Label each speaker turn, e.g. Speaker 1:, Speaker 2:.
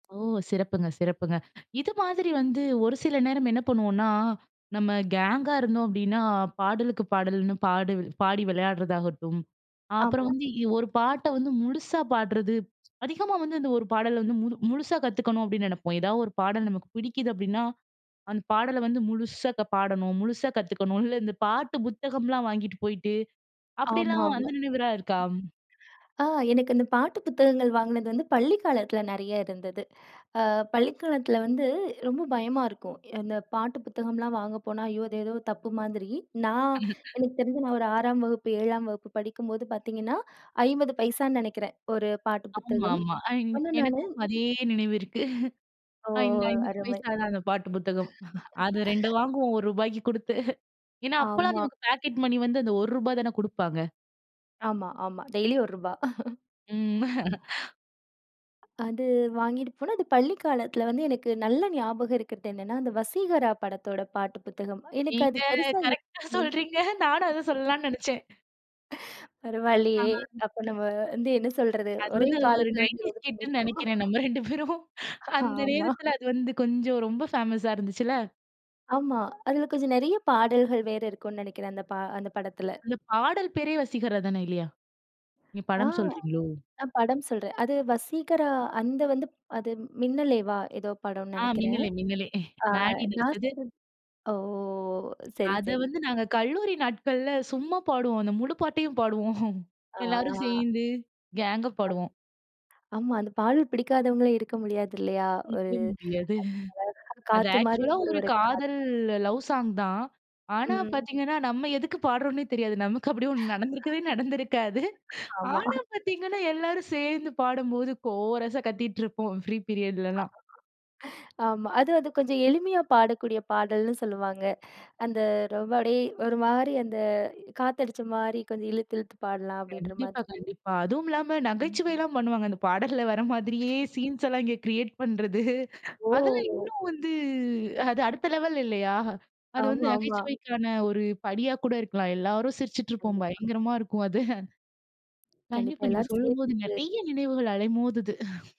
Speaker 1: ஓ. சிறப்புங்க. சிறப்புங்க. இது மாதிரி வந்து, ஒரு சில நேரம் என்ன பண்ணுவோம்னா, நம்ம கேங்கா இருந்தோம், அப்படின்னா. பாடலுக்கு பாடல்ன்னு பாடி பாடி விளையாடுறதாகட்டும். அப்புறம்
Speaker 2: ஆமா.
Speaker 1: வந்து, ஒரு பாட்ட வந்து முழுசா பாடுறது. அதிகமா வந்து இந்த ஒரு பாடல வந்து முழு முழுசா கத்துக்கணும், அப்டின்னு நினைப்போம். ஏதாவது ஒரு பாடல் நமக்கு பிடிக்குது. அப்படின்னா, அந்த பாடல வந்து முழுசா க பாடணும். முழுசா கத்துக்கணும். இல்ல, இந்த பாட்டு புத்தகம்லாம் வாங்கிட்டு போயிட்டு, அப்படிலாம்
Speaker 2: ஆமாமா.
Speaker 1: வந்து நினைவுலா இருக்கா?
Speaker 2: ஆ எனக்கு அந்த பாட்டு புத்தகங்கள் வாங்கினது வந்து, பள்ளிக்காலத்தில நிறையா இருந்தது. அ பள்ளிக்காலத்தில வந்து ரொம்ப பயமா இருக்கும். இந்த பாட்டு புத்தகம்லாம் வாங்க போனா, ஐயோ! அது ஏதோ தப்பு மாதிரி. நான், எனக்கு தெரிஞ்சு நான் ஒரு 6ஆம் வகுப்பு, 7ஆம் வகுப்பு படிக்கும்போது பார்த்தீங்கன்னா, 50 பைசான்னு நினைக்கிறேன். ஒரு பாட்டு
Speaker 1: ஆமாமா.
Speaker 2: புத்தகம். ஆனா, நானு
Speaker 1: எனக்கும் அதே நினைவு இருக்கு.
Speaker 2: ஓ!
Speaker 1: ஐம்பது ஐம்பது
Speaker 2: அருமை.
Speaker 1: பைசா தான், அந்த பாட்டு புத்தகம். அது ரெண்டு வாங்குவோம் ₹1க்கு குடுத்து. ஏன்னா, அப்போலாம்
Speaker 2: ஆமா.
Speaker 1: அதுவந்து பாக்கெட் மணி வந்து, அந்த ₹1 தானே குடுப்பாங்க.
Speaker 2: ஆமா, ஆமா. டெய்லியும் ₹1 ரூபா.
Speaker 1: ம்.
Speaker 2: அது வாங்கிட்டு போனா, அது பள்ளி காலத்தில வந்து, எனக்கு நல்ல ஞாபகம் இருக்கிறதென்னென்னா, அந்த வசீகரா படத்தோட பாட்டு புத்தகம். எனக்கு அது
Speaker 1: நீங்க
Speaker 2: பெருசா
Speaker 1: கரெக்டா சொல்றீங்க. நானும் அத
Speaker 2: [unintelligible]
Speaker 1: சொல்லலாம்னு நினைச்சேன்.
Speaker 2: பரவாயில்லையே.
Speaker 1: ஆ.
Speaker 2: அப்ப, நம்ம வந்து என்ன சொல்றது?
Speaker 1: அது
Speaker 2: ஒரே
Speaker 1: வந்து ஒரு
Speaker 2: காலத்தில வந்து, இத
Speaker 1: நைன்டீஸ்
Speaker 2: வந்து
Speaker 1: கிட்டுனு
Speaker 2: பண்ணிருக்கோம்.
Speaker 1: நினைக்கிறேன், நம்ம ரெண்டு பேரும். அந்த
Speaker 2: ஆமா.
Speaker 1: நேரத்தில அது வந்து கொஞ்சம், ரொம்ப ஃபேமஸா இருந்துச்சுல்ல.
Speaker 2: ஆமா. அதில கொஞ்சம் நிறைய பாடல்கள் வேற இருக்கும்ன்னு நினைக்கிறேன். அந்த ப அந்த படத்தில.
Speaker 1: அந்த பாடல் பேரே வசிகராதானே, இல்லையா? நீங்க
Speaker 2: ஆ.
Speaker 1: படம் சொல்றீங்களோ?
Speaker 2: ஆ படம் சொல்றேன். அது வசீகரா. அந்த வந்து, அது மின்னலேவா? ஏதோ படம்ன்னு
Speaker 1: ஆ,
Speaker 2: நினைக்கிறேன்.
Speaker 1: மின்னலே. மின்னலே.
Speaker 2: ஆ
Speaker 1: மேடி
Speaker 2: நான்
Speaker 1: நடிச்சது.
Speaker 2: சொல்றது. ஓ! சரி,
Speaker 1: அத
Speaker 2: சரி.
Speaker 1: வந்து, நாங்க கல்லூரி நாட்கள்ல சும்மா பாடுவோம். அந்த முழு பாட்டையும் பாடுவோம். எல்லாரும்
Speaker 2: ஆ.
Speaker 1: சேர்ந்து கேங்கா
Speaker 2: ஆம்
Speaker 1: பாடுவோம்.
Speaker 2: ஆமா. அந்த பாடல் பிடிக்காதவங்களே இருக்க முடியாது, இல்லையா? ஒரு
Speaker 1: கேக்கவே முடியாது.
Speaker 2: அது அதாவது
Speaker 1: அது
Speaker 2: "காத்து மாரி
Speaker 1: ஆக்சுவலா ஒரு
Speaker 2: ஒருவரை காத்"
Speaker 1: காதல், லவ் சாங் தான். ஆனா
Speaker 2: ம்.
Speaker 1: பார்த்தீங்கன்னா, நம்ம எதுக்கு பாடுறோம்ன்னே தெரியாது. நமக்கு அப்பிடி ஒண்ணு நடந்திருக்கவே நடந்திருக்காது.
Speaker 2: ஆமா.
Speaker 1: ஆனா பார்த்தீங்கன்னா, எல்லாரும் சேர்ந்து பாடும்போது, கோரஸா கத்திட்டு இருப்போம், ஃப்ரீ பீரியட்லலாம்.
Speaker 2: ஆமா. அது அது கொஞ்சம் எளிமையா பாடக்கூடிய பாடல்ன்னு சொல்லுவாங்க. அந்த ரொம்ப அப்படியே ஒரு மாரி அந்த காத்தடிச்ச மாரி கொஞ்சம் இழுத்து, இழுத்து பாடலாம். அப்படின்ற
Speaker 1: கண்டிப்பா.
Speaker 2: மாதிரி.
Speaker 1: கண்டிப்பா. அதுவும் இல்லாம
Speaker 2: ம்.
Speaker 1: நகைச்சுவைலாம் பண்ணுவாங்க. அந்த பாடல்ல வர மாதிரியே, சீன்ஸ் எல்லாம் இங்கே கிரியேட் பண்றது. அதெல்லாம்
Speaker 2: ஓ!
Speaker 1: இன்னும் வந்து, அது அடுத்த லெவல் இல்லையா? அது வந்து
Speaker 2: ஆமா, ஆமா.
Speaker 1: நகைச்சுவைக்கான ஒரு படியா கூட இருக்கலாம். எல்லாரும் சிரிச்சிட்டு இருப்போம்.
Speaker 2: கண்டிப்பா.
Speaker 1: பயங்கரமா இருக்கும் அது.
Speaker 2: கண்டிப்பா,
Speaker 1: கண்டிப்பா. நீங்க
Speaker 2: எல்லாரும்
Speaker 1: சொல்லும்போது
Speaker 2: சேர்ந்து.
Speaker 1: நிறைய நினைவுகள் அலைமோதுது.